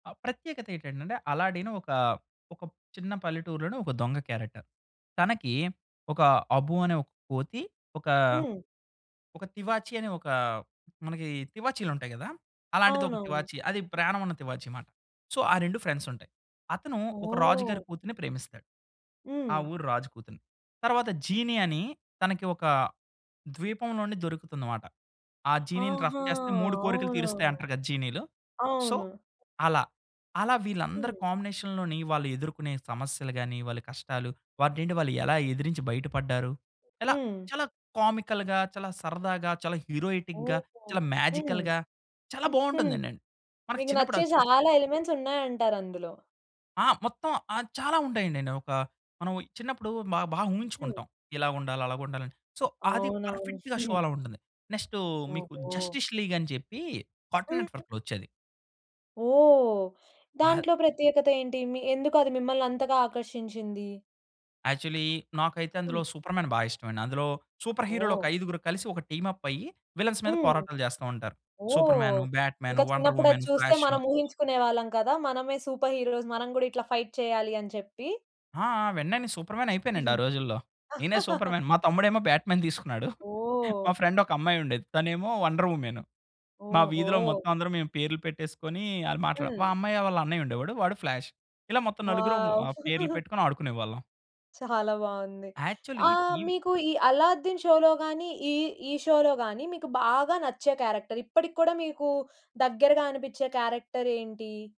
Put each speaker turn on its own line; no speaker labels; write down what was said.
అ! ప్రత్యేకత ఏటటంటే అలాడ్డినె ఒక, ఒక చిన్న పల్లెటూరులోనే ఒక దొంగ క్యారెక్టర్. తనకి ఒక 'అబ్బు' అనే ఒక కోతి ఒకా,
హ్మ్.
ఒక తివాచీ అనే ఒకా మనకి తివాచీలుంటాయి గదా! అలాంటిది ఒక
అవునవును.
తివాచీ, అది ప్రాణం ఉన్న తివాచీమాట. సో ఆ 2 ఫ్రెండ్సుంటాయి. అతను ఒక రాజు గారి
ఓహ్!
కూతురిని ప్రేమిస్తాడు. ఆ
హ్మ్.
ఊరు రాజు కూతురిని. తర్వాత 'జీనీ' అని తనకి ఒక ద్వీపంలోనే దొరుకుతుందనమాట. ఆ జీనీని రఫ్
ఆహా!
చేస్తే 3 కోరికలు
అవునవును.
తీరుస్తాయంటారు గదా! జీనీలు. సో
అవును.
అలా. అలా వీళ్ళందరూ
హ్మ్.
కాంబినేషన్‌లోని వాళ్ళు ఎదుర్కొనే సమస్యలు గానీ, వాళ్ళ కష్టాలు వాటినేంటి వాళ్ళెలా ఎదిరించి బయటపడ్డారు. ఎలా
హ్మ్.
చాలా కామికల్‌గా చాలా సరదాగా చాలా హీరోయిటిక్‌గా,
ఓహో!
చాలా
హ్మ్.
మేజికల్‌గా చాలా
హుహు.
బావుంటందండి. మన
మీకు
చిన్నప్పుడు
నచ్చే
అవి చూసె
చాలా ఎలిమెంట్సున్నాయంటారు అందులో.
ఆ! మొత్తం ఆహ్, చాలా ఉంటాయండి. ఒక మనం చిన్నప్పుడు మ బాగా
హ్మ్.
ఊహించుకుంటాం. ఇలా ఉండాలి, అలాగుండాలి అని. సో అది
అవునవును.
పర్ఫెక్‌గా షో అలా ఉంటుంది. నెక్స్ట్ మీకు
ఓహో!
జస్టిస్ లీగ్ అని చెప్పి కాటున్
హ్మ్.
నెట్‌వర్క్‌లో వచ్చేది.
ఓహ్!
ఆహ్
దాంట్లో ప్రత్యేకత ఏంటి? మీ ఎందుకది మిమ్మల్ని అంతగా ఆకర్షించింది?
యాక్చలీ నాకైతే అందులో
హ్మ్.
సూపర్ మ్యాన్ బా ఇష్టమండి. అందులో సూపర్‌హీరోలు ఒక
ఓహ్!
ఐదుగురు కలిసి, ఒక టీమ్ అప్ అయ్యి విలె‌న్స్ మీద
హ్మ్.
పోరాటాలు చేస్తా ఉంటారు. సూపర్
ఓహ్!
మ్యాను, బ్యాట్
ఇంక
మ్యాను, వండర్
చిన్నప్పుడది
వుమెన్,
చూస్తే
ఫ్లాషు.
మనం ఊహించుకునే వాళ్ళం కదా! మనమే సూపర్‌హీరోస్. మనం గూడా ఇట్లా ఫైట్ చేయాలి అని చెప్పి.
ఆ! ఆ! వెంటనే నె సూపర్ మ్యానయిపోయానండి.
హ్మ్.
ఆ రోజుల్లో నేనే సూపర్ మ్యాన్. మా తమ్ముడేమో బ్యాట్ మ్యాన్ తీసుకున్నాడు.
ఓహ్!
మా ఫ్రెండ్ ఒక అమ్మాయుండేది. తనేమో వండర్ వుమెన్. మా వీధిలో
ఓహో!
మొత్తం అందరం మేము పేర్లు పెట్టేసుకొని అల మాట్లాడాం. మా
హ్మ్.
అమ్మాయ వాళ్ళ అన్నయ్యుండేవాడు వాడు ఫ్లాష్. ఇలా మొత్తం
వావ్!
నలుగురుం పేర్లు పెట్టుకొని ఆడుకునేవాళ్ళం.
చాలా బావుంది.
యాక్చలీ
ఆహ్,
టీవి
మీకు ఈ అల్లాద్దీన్ షో‌లో గానీ ఈ, ఈ షో‌లో గానీ మీకు బాగా నచ్చే క్యారెక్టర్ ఇప్పటికి కూడా మీకు దగ్గరగా అనిపించే క్యారెక్టరేంటి?